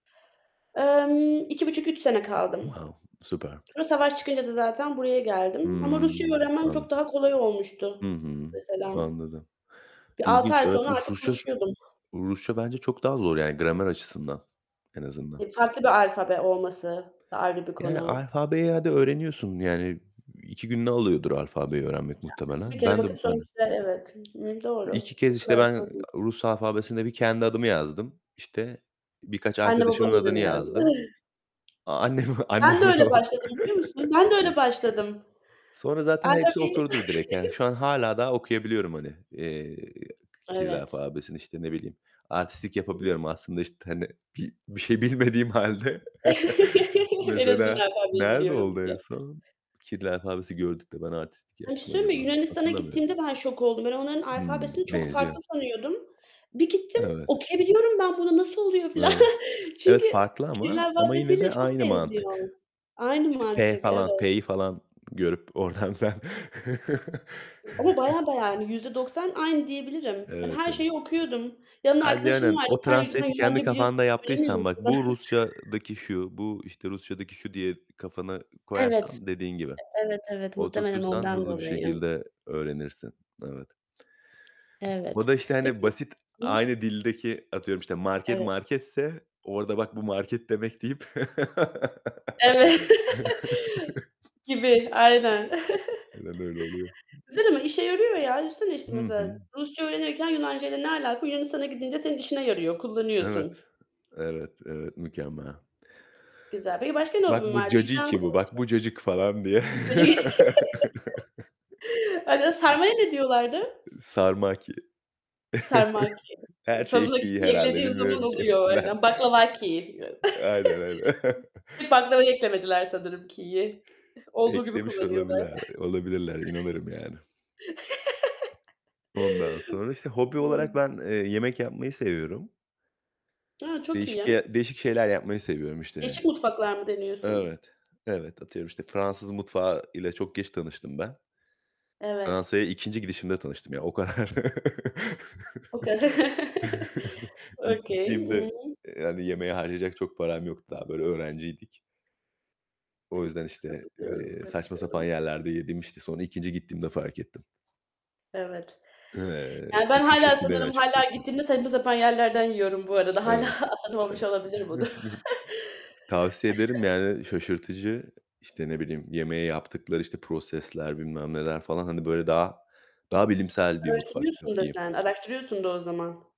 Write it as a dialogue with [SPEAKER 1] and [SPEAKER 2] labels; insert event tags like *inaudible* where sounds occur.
[SPEAKER 1] Emm, 2,5-3 sene kaldım.
[SPEAKER 2] Wow, süper.
[SPEAKER 1] Sonra savaş çıkınca da zaten buraya geldim ama Rusçayı
[SPEAKER 2] Hımm,
[SPEAKER 1] öğrenmem çok
[SPEAKER 2] anladım.
[SPEAKER 1] daha kolay
[SPEAKER 2] Hı
[SPEAKER 1] olmuştu
[SPEAKER 2] hı,
[SPEAKER 1] mesela.
[SPEAKER 2] anladım.
[SPEAKER 1] Bir 6
[SPEAKER 2] İlginç,
[SPEAKER 1] ay
[SPEAKER 2] evet.
[SPEAKER 1] sonra
[SPEAKER 2] Uv
[SPEAKER 1] artık
[SPEAKER 2] Rusça,
[SPEAKER 1] konuşuyordum.
[SPEAKER 2] Rusça bence çok daha zor yani gramer açısından, en azından.
[SPEAKER 1] Ya farklı bir alfabe olması da, ayrı bir
[SPEAKER 2] Yani
[SPEAKER 1] konu.
[SPEAKER 2] alfabeyi, hadi, öğreniyorsun yani 2 gününü alıyordur alfabeyi öğrenmek
[SPEAKER 1] Ya bir
[SPEAKER 2] muhtemelen.
[SPEAKER 1] kere
[SPEAKER 2] Ben de, b
[SPEAKER 1] bakıp sonra
[SPEAKER 2] hani,
[SPEAKER 1] işte evet.
[SPEAKER 2] 2
[SPEAKER 1] Doğru.
[SPEAKER 2] kez,
[SPEAKER 1] O
[SPEAKER 2] işte
[SPEAKER 1] kadar
[SPEAKER 2] ben,
[SPEAKER 1] zor değil.
[SPEAKER 2] Rus alfabesinde bir kendi adımı yazdım. İşte, birkaç
[SPEAKER 1] Anne
[SPEAKER 2] arkadaşımın
[SPEAKER 1] babamın
[SPEAKER 2] adını
[SPEAKER 1] adını yazdım.
[SPEAKER 2] yazdım.
[SPEAKER 1] Ih.
[SPEAKER 2] A annem,
[SPEAKER 1] Ben de
[SPEAKER 2] annemin
[SPEAKER 1] öyle
[SPEAKER 2] o
[SPEAKER 1] başladım biliyor musun?
[SPEAKER 2] *chuckles*
[SPEAKER 1] Ben
[SPEAKER 2] çok
[SPEAKER 1] de öyle
[SPEAKER 2] iyi.
[SPEAKER 1] başladım.
[SPEAKER 2] Sonra
[SPEAKER 1] A!
[SPEAKER 2] zaten hepsi
[SPEAKER 1] tabii.
[SPEAKER 2] oturdu direkt yani
[SPEAKER 1] *chuckles*
[SPEAKER 2] şu an hâlâ daha okuyabiliyorum, hani, eee, Kiril
[SPEAKER 1] Evet.
[SPEAKER 2] alfabesini, işte ne bileyim. Artistlik yapabiliyorum aslında işte, hani, bi bir şey bilmediğim halde. *chuckles*
[SPEAKER 1] *chuckles* En azından
[SPEAKER 2] Mesela
[SPEAKER 1] alfabeyi
[SPEAKER 2] nerede
[SPEAKER 1] biliyorum
[SPEAKER 2] oldu en
[SPEAKER 1] diye.
[SPEAKER 2] son? Kirli alfabesi gördük de ben artistlik
[SPEAKER 1] Ben bir şey
[SPEAKER 2] yaptım
[SPEAKER 1] söyleyeyim
[SPEAKER 2] acaba,
[SPEAKER 1] mi? Yunanistan'a
[SPEAKER 2] hatırlamıyorum.
[SPEAKER 1] gittiğimde ben şok oldum. Ben onların
[SPEAKER 2] Hıı,
[SPEAKER 1] alfabesini çok
[SPEAKER 2] benziyor.
[SPEAKER 1] farklı sanıyordum. Bir gittim.
[SPEAKER 2] Evet.
[SPEAKER 1] "Okuyabiliyorum ben bunu, nasıl oluyor?" filan.
[SPEAKER 2] Evet, evet,
[SPEAKER 1] Çünkü
[SPEAKER 2] farklı
[SPEAKER 1] kiril
[SPEAKER 2] ama ama yine de
[SPEAKER 1] alfabesiyle çok
[SPEAKER 2] aynı
[SPEAKER 1] benziyor.
[SPEAKER 2] mantık.
[SPEAKER 1] Aynı
[SPEAKER 2] İşte p
[SPEAKER 1] mantık,
[SPEAKER 2] falan,
[SPEAKER 1] evet.
[SPEAKER 2] p'yi falan görüp oradan *unintelligible*
[SPEAKER 1] Ama bayağı,
[SPEAKER 2] *chuckles*
[SPEAKER 1] bayağı hani %90 aynı diyebilirim. Ben
[SPEAKER 2] Evet,
[SPEAKER 1] her
[SPEAKER 2] evet.
[SPEAKER 1] şeyi okuyordum. Yanımda
[SPEAKER 2] Sadece
[SPEAKER 1] arkadaşım
[SPEAKER 2] aynen
[SPEAKER 1] vardı.
[SPEAKER 2] o
[SPEAKER 1] "Sen *unintelligible*
[SPEAKER 2] translate'i kendi
[SPEAKER 1] Yunanca biliyorsun
[SPEAKER 2] kafanda
[SPEAKER 1] da söylemiyor
[SPEAKER 2] yaptıysan
[SPEAKER 1] musun
[SPEAKER 2] bak bu
[SPEAKER 1] bana?"
[SPEAKER 2] Rusçadaki şu, bu işte Rusçadaki şu, diye kafana
[SPEAKER 1] Evet.
[SPEAKER 2] koyarsan dediğin gibi.
[SPEAKER 1] E evet, evet. Muhtemelen
[SPEAKER 2] Oturtursan
[SPEAKER 1] ondan
[SPEAKER 2] hızlı bir
[SPEAKER 1] dolayı.
[SPEAKER 2] şekilde öğrenirsin. Evet. Bu
[SPEAKER 1] Evet.
[SPEAKER 2] da işte hani
[SPEAKER 1] Peki
[SPEAKER 2] basit,
[SPEAKER 1] ıh.
[SPEAKER 2] aynı dildeki, atıyorum işte, market
[SPEAKER 1] Evet.
[SPEAKER 2] marketse orada "Bak bu market demek." deyip
[SPEAKER 1] Evet. *laughs* Gibi, aynen.
[SPEAKER 2] *chuckles* Aynen öyle oluyor.
[SPEAKER 1] *chuckles* Güzel ama işe yarıyor ya. Düşünsene işte
[SPEAKER 2] Hı hı.
[SPEAKER 1] mesela Rusça öğrenirken Yunancayla ne alaka? Yunanistan'a gidince senin işine yarıyor,
[SPEAKER 2] Evet.
[SPEAKER 1] kullanıyorsun.
[SPEAKER 2] Evet, evet mükemmel.
[SPEAKER 1] Güzel. Peki başka ne
[SPEAKER 2] Bak
[SPEAKER 1] hobin
[SPEAKER 2] bu
[SPEAKER 1] var?
[SPEAKER 2] cacıki bu, bak
[SPEAKER 1] *unintelligible*
[SPEAKER 2] bu cacık falan diye.
[SPEAKER 1] *unintelligible* *chuckles*
[SPEAKER 2] *chuckles*
[SPEAKER 1] *unintelligible* Sarmaya ne diyorlardı?
[SPEAKER 2] Sarmaki.
[SPEAKER 1] Sarmaki.
[SPEAKER 2] *chuckles* Her şey
[SPEAKER 1] Sonuna,
[SPEAKER 2] ki
[SPEAKER 1] "ki"
[SPEAKER 2] herhâlde
[SPEAKER 1] eklediğin zaman
[SPEAKER 2] bilmiyorum ki
[SPEAKER 1] oluyor
[SPEAKER 2] ben.
[SPEAKER 1] aynen, baklavaki.
[SPEAKER 2] Aynen aynen.
[SPEAKER 1] *chuckles* Bir
[SPEAKER 2] *chuckles*
[SPEAKER 1] baklavaya eklemediler sanırım ki'yi. Olduğu gibi
[SPEAKER 2] Eklemiş
[SPEAKER 1] kullanıyorlar.
[SPEAKER 2] olabiler olabilirler, inanırım yani.
[SPEAKER 1] *chuckles*
[SPEAKER 2] Ondan sonra, işte hobi olarak ben, eee, yemek yapmayı seviyorum.
[SPEAKER 1] A! Çok
[SPEAKER 2] Değişik
[SPEAKER 1] iyi.
[SPEAKER 2] ye değişik şeyler yapmayı seviyorum
[SPEAKER 1] Değişik
[SPEAKER 2] işte.
[SPEAKER 1] mutfaklar mı deniyorsun?
[SPEAKER 2] Evet. Evet, atıyorum işte Fransız mutfağı ile çok geç tanıştım ben.
[SPEAKER 1] Evet.
[SPEAKER 2] Fransa'ya 2'nci gidişimde tanıştım yani o kadar.
[SPEAKER 1] O kadar. *chuckles*
[SPEAKER 2] *chuckles* İlk
[SPEAKER 1] Okay. Hı
[SPEAKER 2] gittiğimde,
[SPEAKER 1] hı.
[SPEAKER 2] eee, yani, yemeğe harcayacak çok param yoktu. Daha böyle öğrenciydik. O yüzden işte,
[SPEAKER 1] Nasıl diyorum,
[SPEAKER 2] eee,
[SPEAKER 1] nasıl
[SPEAKER 2] saçma sapan
[SPEAKER 1] diyorum.
[SPEAKER 2] yerlerde yedim işte. Sonra ikinci gittiğimde fark ettim.
[SPEAKER 1] Evet.
[SPEAKER 2] Eee,
[SPEAKER 1] Yani ben,
[SPEAKER 2] çok
[SPEAKER 1] hâlâ,
[SPEAKER 2] şaşırttı beni
[SPEAKER 1] sanırım, hâlâ,
[SPEAKER 2] açıkçası.
[SPEAKER 1] gittiğimde saçma sapan yerlerden yiyorum bu arada. Hâlâ
[SPEAKER 2] Evet,
[SPEAKER 1] atlatmamış
[SPEAKER 2] evet.
[SPEAKER 1] olabilirim bunu.
[SPEAKER 2] Tavsiye ederim
[SPEAKER 1] *chuckles*
[SPEAKER 2] yani, şaşırtıcı. İşte, ne bileyim yemeğe yaptıkları, işte, prosesler bilmem neler falan, hani böyle, daha daha bilimsel bir mutfak
[SPEAKER 1] Araştırıyorsun da
[SPEAKER 2] diyeyim.
[SPEAKER 1] sen, araştırıyorsun da o zaman.